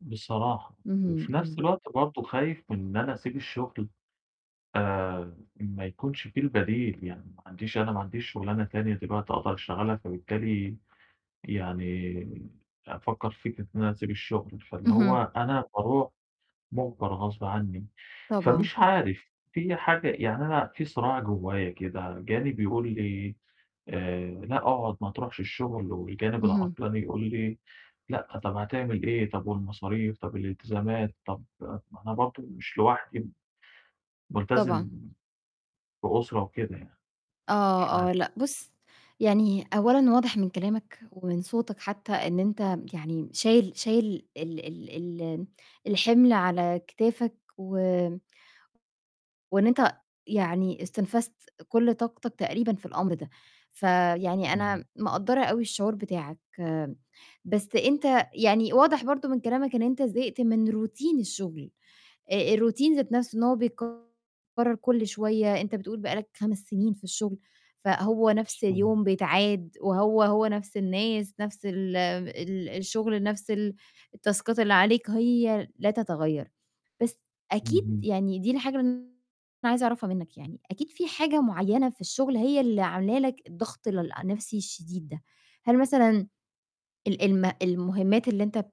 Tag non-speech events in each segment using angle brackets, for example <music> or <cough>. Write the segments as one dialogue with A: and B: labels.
A: بصراحة،
B: اهم،
A: وفي نَفْس
B: إمم.
A: الوقت بَرضه خايف من أنا أسيب الشغل، آآ ما يكونش في البديل، يعني ما عنديش أنا ما عنديش شغلانة تانية دلوقتي أقدر أشتغلها. فبالتالي، يعني أفكّر في فكرة إن أنا أسيب الشغل، فاللي
B: اهم.
A: هو أنا باروح مُجبر غصب عني.
B: طبعًا.
A: فمش عارف، فيّ حاجة يعني أنا في صراع جوّايا كده، جانب يقُول لي آآ: "لأ اقعد ما تروحش الشغل"، والجانب
B: اهم.
A: العطلان يقُول لي: "لأ طَب هتعمل إيه؟ طَب والمصاريف، طَب الالتزامات؟" طَب ما أنا برضه مش لوحدي،
B: طبعًا.
A: ملتزم بأسرة وكده يعني، مش
B: آه، آه،
A: عارف.
B: لأ بُصّ، يعني أولًا واضح من كلامك ومن صوتك حتّى إن أنت يعني شايل شايل ال ال ال الحِمل على كتافك و وإن أنت يعني استنفذت كلّ طاقتك تقريبًا في الأمر ده، فيعني
A: إمم.
B: أنا مقدّرة أوي الشعور بتاعك، بس أنت يعني واضح برضه من كلامك إن أنت زهقت من Routine الشغل، الRoutine ذات نَفْسه إن هو بيتكرر كلّ شوية أنت بتقُول بقى لك 5 سنين في الشغل، فهو نَفْس اليوم
A: <unintelligible>
B: بيتعاد وهو، هو نفْس الناس، نفْس ال ال الشغل نفْس ال التاسكات اللي عليك هي لا تتغيّر، بس أكيد
A: اهم.
B: يعني دي الحاجة اللي أنا عايزة أعرفها مِنّك يعني أكيد في حاجة معيّنة في الشغل هي اللي عاملة لك الضغط ل النَفْسي الشديد ده، هل مثلًا ال الم المهمّات اللي أنت بت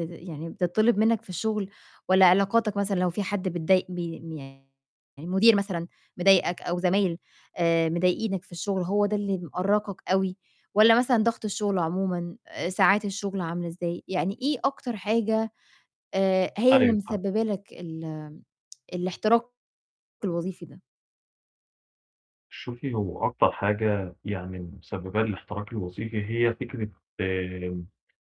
B: بت يعني بتتطلب مِنّك في الشغل، والّا علاقاتك مثلًا لو في حد بتضايق ب يعني المُدير مثلًا مضايقك أو زمايل آآ مضايقينك في الشغل، هو ده اللي مأرقك أوي، والّا مثلًا ضغط الشغل عمومًا؟ ساعات الشغل عاملة إزاي؟ يعني إيه أكتر حاجة آآ هي اللي
A: أيوه، فاهمِك.
B: مسببة لك ال آمم الاحتراق الوظيفي ده؟
A: شوفي هو أكتر حاجة يعني مسبّبة لي الاحتراق الوظيفي، هي فكرة آمم،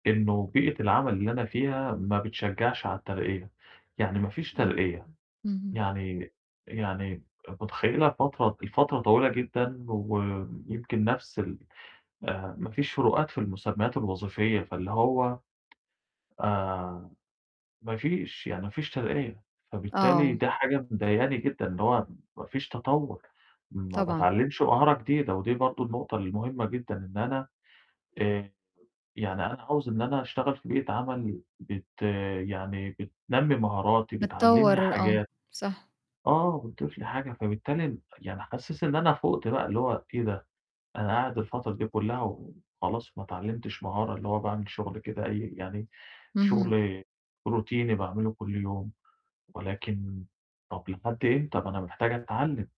A: إنه بيئة العمل اللي أنا فيها ما بتشجّعش على الترقية، يعني ما فيش
B: إمم،
A: ترقية
B: اهم.
A: يعني يعني، متخيّلة الفترة الفترة طويلة جدًا، ويمكن نَفْس ال آآ ما فيش فروقات في المُسمّيات الوظيفية. فاللي هو آآ، ما فيش، يعني ما فيش ترقية، فبالتالي
B: آه.
A: ده حاجة مضايقاني جدًا، إن هو ما فيش تطوّر، ما
B: طبعًا.
A: باتعلّمش مهارة جديدة. ودي برضه النقطة المهمة جدًا، إن أنا آآ، يعني أنا عاوز إن أنا اشتغل في بيئة عمل بت يعني بتنمّي مهاراتي، بتعلّمني
B: بتطوّر آه
A: حاجات،
B: صح.
A: آه، بتضيف لي حاجة. فبالتالي يعني حاسس إن أنا فُوقت بقى، اللي هو إيه ده، أنا قاعد الفترة دي كُلّها وخلاص ما اتعلّمتش مهارة، اللي هو باعمل شغل كده أي يعني
B: اهم.
A: شغل روتيني باعمله كلّ يوم، ولكن طَب لحد إمتى، ما أنا محتاج أتعلّم.